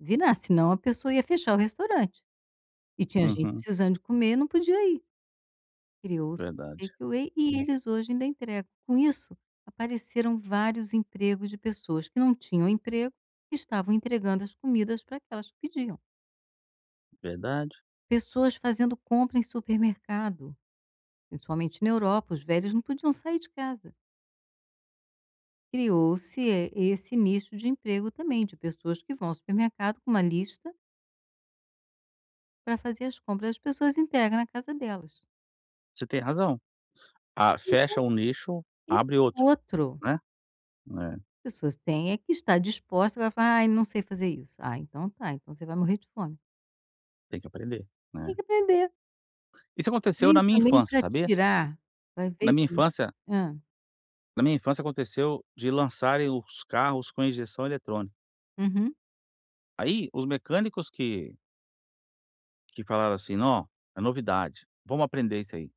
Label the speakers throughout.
Speaker 1: Virar, se não, a pessoa ia fechar o restaurante. E tinha gente
Speaker 2: Uhum
Speaker 1: precisando de comer e não podia ir. Criou-se os
Speaker 2: Verdade
Speaker 1: Take Away e
Speaker 2: hum.
Speaker 1: eles hoje ainda entregam, com isso, apareceram vários empregos de pessoas, que não tinham emprego e estavam entregando as comidas para aquelas que pediam.
Speaker 2: Verdade.
Speaker 1: Pessoas fazendo compra em supermercado, principalmente na Europa, os velhos não podiam sair de casa. Criou-se, esse nicho de emprego também, de pessoas que vão ao supermercado com uma lista para fazer as compras, as pessoas entregam na casa delas.
Speaker 2: Você tem razão. Ah,
Speaker 1: Então,
Speaker 2: fecha um nicho,
Speaker 1: esse
Speaker 2: abre outro,
Speaker 1: outro
Speaker 2: né é.
Speaker 1: As pessoas têm é que está dispostas, vai falar: "Ai não sei fazer isso", ah então tá, então você vai morrer de fome.
Speaker 2: Tem que aprender,
Speaker 1: Tem
Speaker 2: né?
Speaker 1: que aprender.
Speaker 2: Isso aconteceu
Speaker 1: Veio
Speaker 2: na minha
Speaker 1: também
Speaker 2: infância,
Speaker 1: para
Speaker 2: sabia?
Speaker 1: tirar, vai ver
Speaker 2: Na minha infância
Speaker 1: hã.
Speaker 2: na minha infância aconteceu, de lançarem os carros com injeção eletrônica.
Speaker 1: Uhum.
Speaker 2: Aí os mecânicos que que falaram, assim, não, é novidade, vamos aprender isso aí.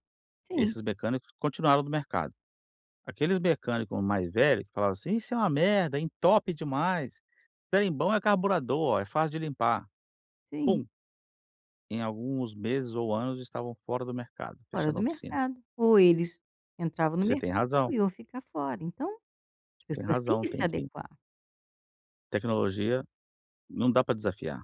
Speaker 1: Sim.
Speaker 2: Esses mecânicos continuaram no mercado. Aqueles mecânico mais velho que falaram, assim: "Isso é uma merda, entope demais, trem bom é carburador, olha, é fácil de limpar".
Speaker 1: Sim.
Speaker 2: Pum! Em alguns meses ou anos estavam fora do mercado,
Speaker 1: Fora
Speaker 2: fechando
Speaker 1: do
Speaker 2: a oficina.
Speaker 1: mercado, ou eles entravam no
Speaker 2: Você tem
Speaker 1: mercado
Speaker 2: razão.
Speaker 1: e iam ficar fora, então, as
Speaker 2: Tem
Speaker 1: pessoas têm
Speaker 2: razão,
Speaker 1: que se
Speaker 2: tem que
Speaker 1: adequar.
Speaker 2: Tecnologia não dá para desafiar.